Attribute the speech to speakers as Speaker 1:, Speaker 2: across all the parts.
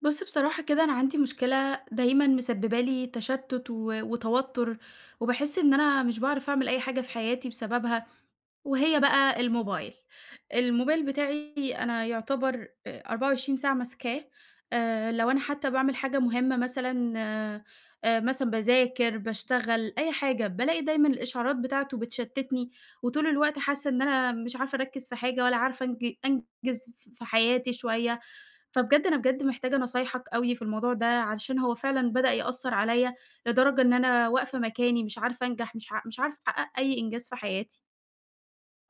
Speaker 1: بُص بصراحة كده أنا عندي مشكلة دايمًا مسببة لي تشتّت و وتوتُّر، وباحس إن أنا مش باعرف أعمل أي حاجة في حياتي بسببها، وهي بقى الموبايل. الموبايل بتاعي أنا يعتبر آآ 24 ساعة ماسكاه، آآ لو أنا حتّى باعمل حاجة مهمة مثلًا آآ مثلًا باذاكر باشتغل أي حاجة، بالاقي دايمًا الإشعارات بتاعته بتشتّتني، وطول الوقت حاسّة إن أنا مش عارفة أركّز في حاجة ولا عارفة أنج أنجز ف في حياتي شوية، فبجد أنا بجد محتاجة نصايحك أوي في الموضوع ده، علشان هو فعلًا بدأ يأثّر عليّا، لدرجة إن أنا واقفة مكاني مش عارفة أنجح مش ع مش عارفة أحقق أي إنجاز في حياتي.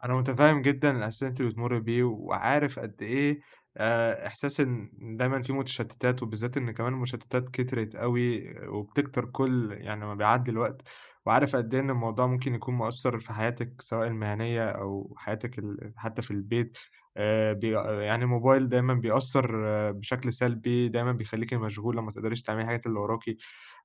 Speaker 2: أنا متفهّم جدًا الإحساس اللي أنتِ بتمرّي بيه، وعارف قد إيه آآ إحساس إن دايمًا فيه متشتتات وبالذات إن كمان المشتتات كترِت أوي، وبتكتر كُل يعني ما بيعدّي الوقت، وعارف قد إيه إن الموضوع ممكن يكون مأثّر في حياتِك سواء المهنية أو حياتِك ال حتّى في البيت، آآ ب يعني الموبايل دايمًا بيأثّر بشكل سلبي دايمًا بيخليكِ مشغولة ما تقدريش تعملي الحاجات اللي وراكِ،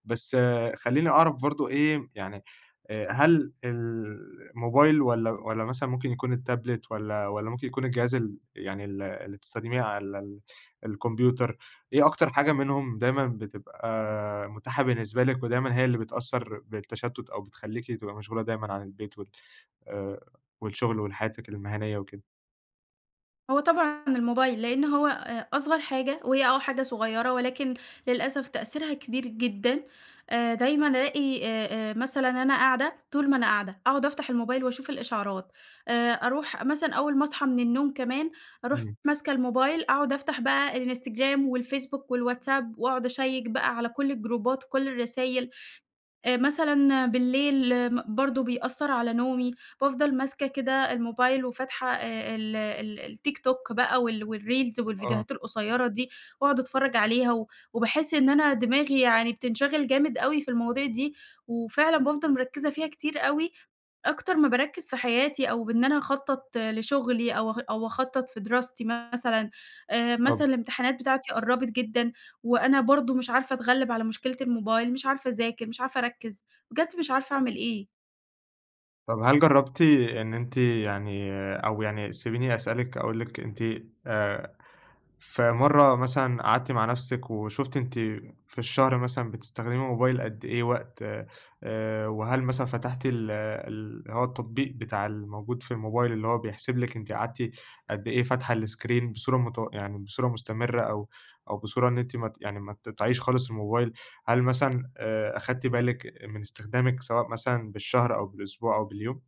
Speaker 2: بس خلّيني أعرف برضه إيه يعني آآ هل الموبايل والّا والّا مثلًا ممكن يكون التابلت والّا والّا ممكن يكون الجهاز ال يعني ال اللي بتستخدميه على ال الكمبيوتر، إيه أكتر حاجة منهم دايمًا بتبقى متاحة بالنسبة لِك، ودايمًا هي اللي بتأثّر بالتشتت أو بتخلّيكِ تبقى مشغولة دايمًا عن البيت وال آآ والشغل وحياتِك المهنية وكده؟
Speaker 1: هو طبعًا الموبايل، لإن هو آآ أصغر حاجة، وهي آه حاجة صغيّرة ولكن للأسف تأثيرها كبير جدًا، آآ دايمًا ألاقي آآ آآ مثلًا أنا قاعدة، طول ما أنا قاعدة أقعد أفتح الموبايل وأشوف الإشعارات، آآ أروح مثلًا أول ما اصحى من النوم كمان، أروح
Speaker 2: إمم.
Speaker 1: ماسكة الموبايل أقعد أفتح بقى Instagram والFacebook والWhatsApp وأقعد أشيّك بقى على كُل الجروبات وكُل الرسايل، آآ مثلًا بالليل م برضو بيأثّر على نومي، بافضل ماسكة كده الموبايل وفاتحة ال ال الTikTok بقى وال والريلز
Speaker 2: آه.
Speaker 1: والفيديوهات القصيّرة دي، وأقعد أتفرج عليها و وباحس إن أنا دماغي يعني بتنشغل جامد أوي في المواضيع دي، وفعلًا بافضل مركّزة فيها كتير أوي، أكتر ما باركّز في حياتي أو بإن أنا أخطّط لشغلي أو أخ أو أخطّط في دراستي مثلًا، آآ مثلًا
Speaker 2: طب
Speaker 1: الامتحانات بتاعتي قرّبِت جدًا، وأنا برضو مش عارفة أتغلّب على مشكلة الموبايل، مش عارفة اذاكر مش عارفة أركّز، بجد مش عارفة أعمل إيه.
Speaker 2: طب هل جرّبتِ إن أنتِ يعني أو يعني سيبيني أسألِك أقول لِك أنتِ آآ، في مَرّة مثلًا قعدتِ مع نفْسِك وشُفتِ أنتِ في الشهر مثلًا بتستخدمي الموبايل قد إيه وقت، آآ وهل مثلًا فتحتي ال اللي هو التطبيق بتاع الموجود في الموبايل اللي هو بيحسب لِك أنتِ قعدتِ قد إيه فاتحة الScreen بصورة متو يعني بصورة مستمرّة، أو أو بصورة إن أنتِ مت يعني ما تقطعيش خالص الموبايل، هل مثلًا آآ أخدتِ بالِك من استخدامِك سواء مثلًا، بالشهر أو بالأسبوع أو باليوم؟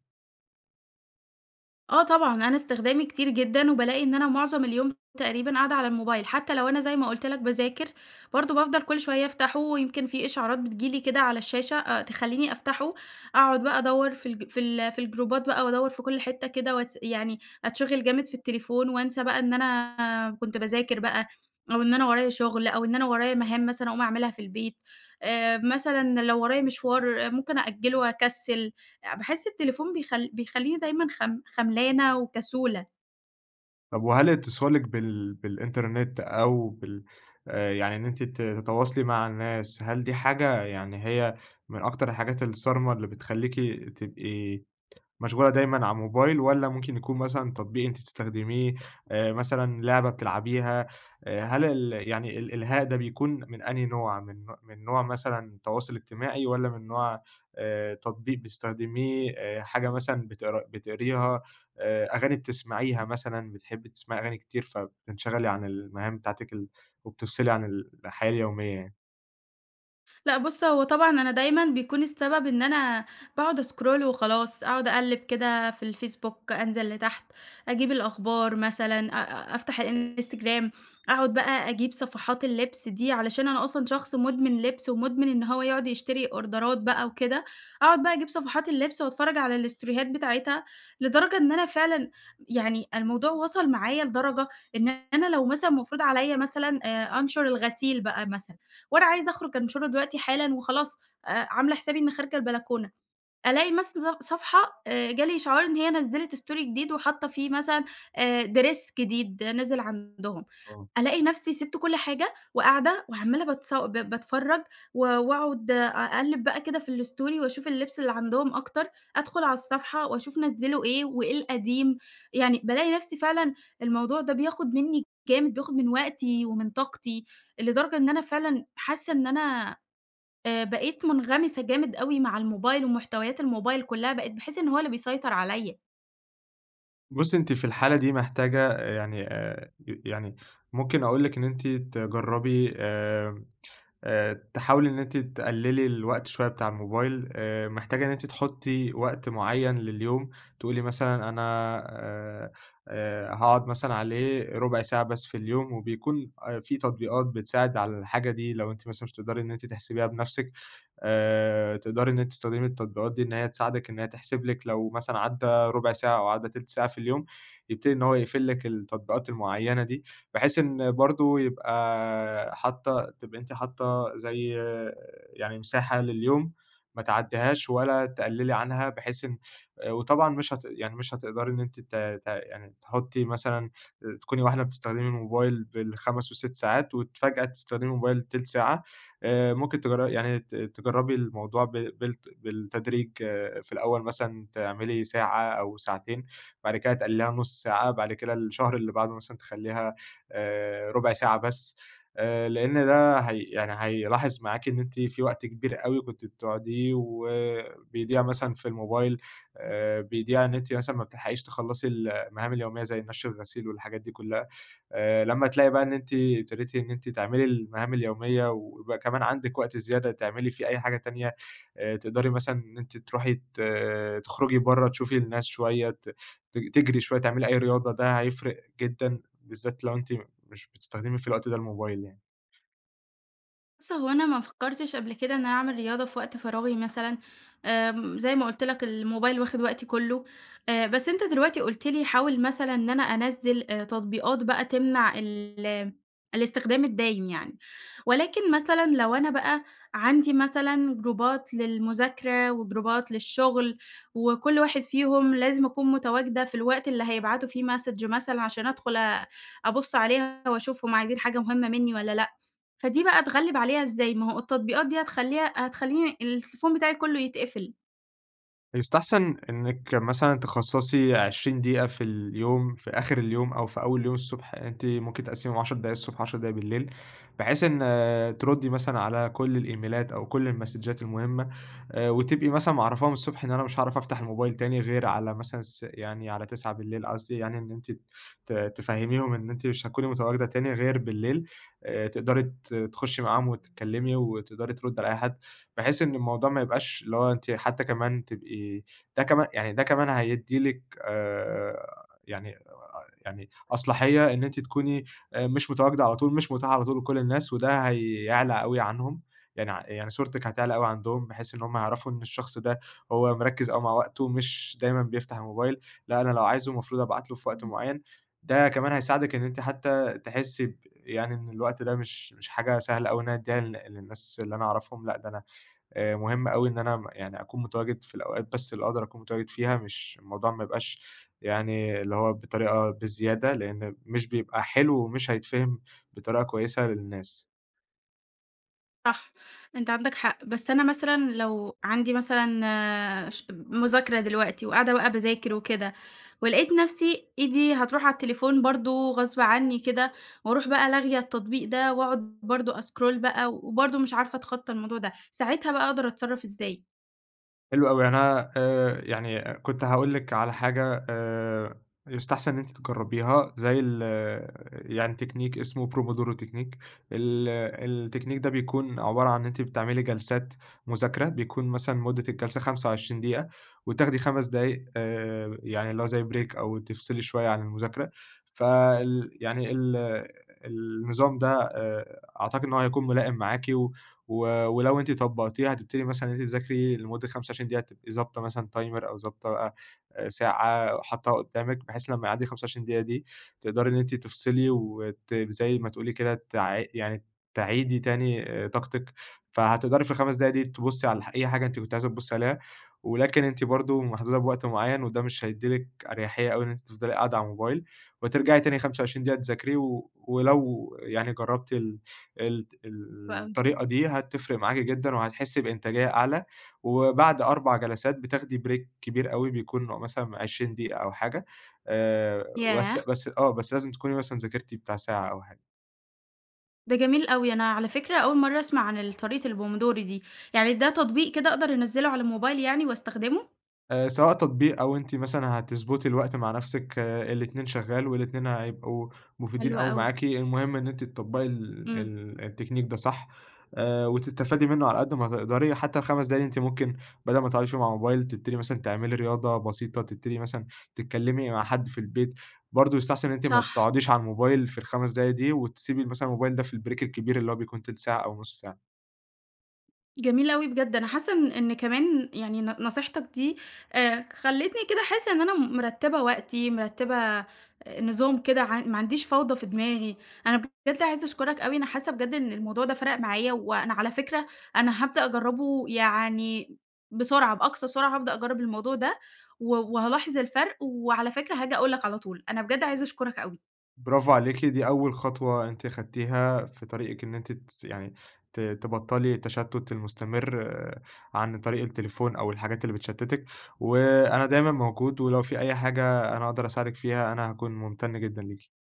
Speaker 1: آه طبعًا، أنا استخدامي كتير جدًا، وبالاقي إن أنا معظم اليوم تقريبًا قاعدة على الموبايل، حتى لو أنا زي ما قُلت لك باذاكر، برضه بافضل كل شوية أفتحه ويمكن في إشعارات بتيجي لي كده على الشاشة، أ تخليني أفتحه، أقعد بقى أدوّر في الج في ال في الجروبات بقى وادوّر في كل حتّة كده واتس يعني أتشِغل جامد في التليفون وانسى بقى إن أنا كنت باذاكر بقى، أو إن أنا ورايا شغل، أو إن أنا ورايا مهام مثلًا أقوم أعملها في البيت، آآ، مثلًا لو ورايا مشوار ممكن أأجّلُه وأكسّل، باحس التليفون بيخل بيخليني دايمًا خم خملانة وكسولة.
Speaker 2: طب وهل اتصالِك بال بالإنترنت أو بال آآ، يعني إن أنتِ ت تتواصلي مع الناس، هل دي حاجة يعني هي من أكتر الحاجات الصارمة اللي بتخليكِ تبقي مشغولة دايمًا على الموبايل؟ والَّا ممكن يكون مثلًا تطبيق أنتِ تستخدميه مثلًا لعبة بتلعبيها، هل ال يعني ال الإلهاء ده بيكون من أنهي نوع؟ من نو من نوع مثلًا تواصل اجتماعي؟ والَّا من نوع آآ، تطبيق بتستخدميه، آآ، حاجة مثلًا بت بتقريها، آآ، أغاني بتسمعيها مثلًا، بتحبي تسمعي أغاني كتير فبتنشغَلي عن المهام بتاعتِك ال وبتفصِلي عن الحياة اليومية يعني.
Speaker 1: لأ بُصّ، هو طبعًا أنا دايمًا بيكون السبب إن أنا باقعد أسكرول وخلاص أقعد أقلِّب كده في الفيسبوك، أنزل لتحت أجيب الأخبار مثلًا، أ أفتح الإنستجرام، أقعد بقى أجيب صفحات اللِبس دي علشان أنا أصلًا شخص مدمن لِبس، ومدمن إن هو يقعد يشتري أوردرات بقى وكده، أقعد بقى أجيب صفحات اللِبس وأتفرّج على الستوريهات بتاعتها، لدرجة إن أنا فعلًا يعني الموضوع وصل معايا لدرجة، إن أنا لو مثلًا مفروض عليَّ مثلًا آآ، أنشر الغسيل بقى مثلًا، وأنا عايزة أخرج أنشرُه دلوقتي حالًا وخلاص آآ، عاملة حسابي إني خارجة البلكونة، ألاقي مثلًا ص صفحة آآ، جه لي إشعار إن هي نزّلت استوري جديد وحاطّة فيه مثلًا آآ، Dress جديد نزل عندهم،
Speaker 2: آه.
Speaker 1: ألاقي نفسي سِبت كل حاجة، وقاعدة وعمّالة باتص ب باتفرّج و وأقعد أقلِّب بقى كده في الستوري وأشوف اللِبس اللي عندهم أكتر، أدخل على الصفحة وأشوف نزّلوا إيه وإيه القديم، يعني بالاقي نفسي فعلًا الموضوع ده بياخد منّي جامد، بياخد من وقتي ومن طاقتي، لدرجة إن أنا فعلًا حاسّة إن أنا آآ، بقيت مُنغمِسة جامد أوي مع الموبايل ومحتويات الموبايل كلّها، بقيت باحسّ إن هو اللي بيسيطر عليَّ.
Speaker 2: بُصّي أنتِ في الحالة دي محتاجة، يعني آآ يعني ممكن أقول لِك إن أنتِ تجرّبي آآ آآ تحاولي إن أنتِ تقلّلي الوقت شوية بتاع الموبايل، آآ محتاجة إن أنتِ تحطي وقت معيّن لليوم، تقولي مثلًا أنا آآ آآ هاقعد مثلًا عليه ربع ساعة بس في اليوم، وبيكون في تطبيقات بتساعد على الحاجة دي، لو أنتِ مثلًا مش هتقدري إن أنتِ تحسبيها بنفسِك، آآ، تقدري إن أنتِ تستخدمي التطبيقات دي إن هي تساعدِك، إن هي تحسب لِك لو مثلًا عدّى ربع ساعة أو عدّى تِلت ساعة في اليوم، يبتدي إن هو يقفل لِك التطبيقات المعيّنة دي، بحيث إن برضه يبقى حاطة تبقي أنتِ حاطة زي يعني مساحة لليوم ما تعدّيهاش ولا تقلّلي عنها، بحيث إن وطبعًا مش هت يعني مش هتقدري إن أنت ت ت يعني تحطي مثلًا تكوني واحدة بتستخدمي الموبايل بال5، وال6 ساعات، وفجأة تستخدمي الموبايل تِلت ساعة، آآ ممكن تجرّ يعني ت تجرّبي الموضوع ب بال بالتدريج، في الأول مثلًا تعملي ساعة أو ساعتين، بعد كده تقلّليها لنص ساعة، بعد كده الشهر اللي بعده مثلًا تخلّيها آآ ربع ساعة بس، آآ، لأن ده هي يعني هيلاحظ معاكِ إن أنتِ في وقت كبير أوي كنتِ بتقعديه وبيضيع مثلًا في الموبايل، آآ بيضيع إن أنتِ مثلًا ما بتلحقيش تخلّصي المهام اليومية، زي نشر الغسيل والحاجات دي كلها، آآ لما تلاقي بقى إن أنتِ ابتديتِ إن أنتِ تعملي المهام اليومية، ويبقى كمان عندِك وقت زيادة تعملي فيه أي حاجة تانية، آآ تقدري مثلًا إن أنتِ تروحي ت تخرجي برّا، تشوفي الناس شوية، ت ت تجري شوية، تعملي أي رياضة، ده هيفرق جدًا بالذات لو أنتِ مش بتستخدمي في الوقت ده الموبايل يعني.
Speaker 1: بُص هو أنا ما فكرتِش قبل كده إن أنا أعمل رياضة في وقت فراغي مثلًا، آمم زي ما قُلت لَك الموبايل واخد وقتي كُلّه، آآ بس أنتَ دلوقتي قُلت لي حاول مثلًا إن أنا أنزِل تطبيقات بقى تمنع ال الاستخدام الدايم يعني، ولكن مثلًا لو أنا بَقى عندي مثلًا جروبات للمذاكرة وجروبات للشُغل، وكُلّ واحد فيهم لازم أكون متواجدة في الوقت اللي هيبعتوا فيه Message مثلًا عشان أدخُل أ أبُص عليها وأشوفهم عايزين حاجة مُهِمَّة مِنّي والّا لأ، فدي بَقى أتغلِّب عليها إزّاي؟ ما هو التطبيقات دي هتخلّيها هتخلّيني التليفون بتاعي كُلّه يتقفل.
Speaker 2: يستحسن إنِِّك مثلًا تخصّصي 20 دقيقة في اليوم، في آخِر اليوم أو في أول اليوم الصبح، أنتِ ممكن تقسِّميهم 10 دقايق الصبح، 10 دقايق بالليل، بحيث إن ترُدّي مثلًا على كل الإيميلات أو كل المسدجات المُهمَّة، آآ وتبقي مثلًا معرفاهم الصبح إن أنا مش هاعرف أفتح الموبايل تاني غير على مثلًا س يعني على 21:00 قصدي يعني إن أنتِ ت تفهَّميهم إن أنتِ مش هتكوني متواجدة تاني غير بالليل، آآ تقدري ت تخُشِّي معاهم وتتكلمي، وتقدري تردّي على أي حَد، بحيث إن الموضوع ما يبقاش اللي هو أنتِ حَتّى كمان تبقي ده كمان يعني ده كمان هيدِّي لِك آآ، يعني آآ، يعني أصلاحية إن أنتِ تكوني مش متواجدة على طول مش مُتاحة على طول لكل الناس، وده هيعلى أوي عنهم، يعني ع يعني صورتِك هتعلى أوي عندهم، بحيث إن هُم يعرفوا إن الشخص ده هو مركز أوي مع وقته، مش دايمًا بيفتح الموبايل لأ، أنا لو عايزُه المفروض أبعت له في وقت
Speaker 1: إمم.
Speaker 2: معين، ده كمان هيساعدِك إن أنتِ حتى تحِسِّي ب يعني إن الوقت ده مش مش حاجة سهلة أوي إن أنا أدّيها لل للنّاس اللي أنا أعرفهم لأ، ده أنا آآ مُهم أوي إن أنا يعني أكون متواجد في الأوقات بس اللي أقدر أكون متواجد فيها، مش الموضوع ما يبقاش يعني اللي هو بطريقة بزيادة، لإن مش بيبقى حلو ومش هيتفهم بطريقة كويسة للنّاس.
Speaker 1: صح. أنت عندك حق، بس أنا مثلًا لو عندي مثلًا ش مذاكرة دلوقتي وقاعدة بقى باذاكر وكده ولقيت نفسي إيدي هتروح على التليفون برضو غصب عنّي كده وأروح بقى لاغية التطبيق ده وأقعد برضو أسكرول بقى وبرضو مش عارفة أتخطى الموضوع ده، ساعتها بقى أقدر أتصرّف إزاي؟
Speaker 2: حلو أوي يعني أنا آآ يعني كنت هاقول لِك على حاجة آآ يُستحسن إن أنتِ تجربيها زي ال آآ يعني تكنيك اسمه pomodoro تكنيك ال التكنيك ده بيكون عبارة عن أنتِ بتعملي جلسات مذاكرة بيكون مثلًا مدة الجلسة 25 دقيقة وتاخدي 5 دقايق آآ يعني اللي هو زي بريك أو تفصلي شويّة عن المذاكرة، فال يعني ال النظام ده آآ عتقد إن هو هيكون ملائم معاكِ، و ولو أنتِ طبقتيه هتبتدي مثلًا إن أنتِ تذاكري لمدة 25 دقيقة تبقي ضابطة مثلًا تايمر أو ضابطة بقى ساعة حطّاها قدّامِك بحيث لمّا يعدّي 25 دقيقة دي تقدري إن أنتِ تفصلي وت زي ما تقول لي كده تع يعني تعيدي تاني طاقتِك، فهتقدري في ال5 دقايق دي تبصّي على ح أي حاجة أنتِ كنتِ عايزة تبصّي عليها ولكن أنتِ برضو محدودة بوقت معيّن وده مش هيدّي لِك أريحية أو إن أنتِ تفضلي قاعدة على الموبايل وترجعي تاني 25 دقيقة تذاكري، و ولو يعني جربتِ ال ال
Speaker 1: حلو
Speaker 2: ال
Speaker 1: أوي.
Speaker 2: الطريقة دي هتفرق معاكِ جدًا وهتحسي بإنتاجية أعلى، وبعد 4 جلسات بتاخدي بريك كبير أوي بيكون مثلًا 20 دقيقة أو حاجة آآ، بس
Speaker 1: ياه!
Speaker 2: بس آه بس لازم تكوني مثلًا ذاكرتِ بتاع ساعة أو حا
Speaker 1: ده جميل أوي، أنا على فكرة أول مرة أسمع عن ال طريقة البومودوري دي، يعني ده تطبيق كده أقدر أنزّله على الموبايل يعني وأستخدمه؟
Speaker 2: آآ، سواء تطبيق أو أنتِ مثلًا هتضبُطي الوقت مع نفسِك، الاتنين شغال والاتنين هيبقوا مفيدين
Speaker 1: حلو
Speaker 2: أوي
Speaker 1: أوي.
Speaker 2: معاكِ، المهم إن أنتِ تطّبقي ال
Speaker 1: امم.
Speaker 2: ال التكنيك ده صح، آآ، وتستفادي منه على قد ما تقدري، حتى ال5 دقايق دي أنتِ ممكن بدل ما تقعدي فيهم على الموبايل تبتدي مثلًا تعملي رياضة بسيطة، تبتدي مثلًا تتكلِّمي مع حد في البيت، برضه يستحسن إن أنتِ ما
Speaker 1: صح.
Speaker 2: تقعديش على الموبايل في ال5 دقايق دي، وتسيبي مثلًا الموبايل ده في البريك الكبير اللي هو بيكون تِلت ساعة أو نُصّ ساعة.
Speaker 1: جميل أوي بجد، أنا حاسة إن إن كمان يعني ن نصيحتك دي آآ، خلّتني كده أحس إن أنا مرّتبة وقتي مرّتبة نظام كده ع ما عنديش فوضى في دماغي، أنا بجد عايزة أشكرك أوي، أنا حاسة بجد إن الموضوع ده فرَق معايا، وأنا على فكرة أنا هابدأ أجرّبه يعني بسرعة، بأقصى سرعة هابدأ أجرّب الموضوع ده، و وهالاحظ الفرق، وعلى فكرة هاجي أقول لك على طول، أنا بجد عايزة أشكرك أوي.
Speaker 2: برافو عليكِ، دي أول خطوة أنتِ أخدتيها في طريقِك إن أنتِ تس يعني ت تبطّلي التشتّت المستمر عن طريق التليفون أو الحاجات اللي بتشتّتِك، وأنا دايمًا موجود ولو في أي حاجة أنا أقدر أساعدِك فيها أنا هاكون ممتن جدًا ليكِ.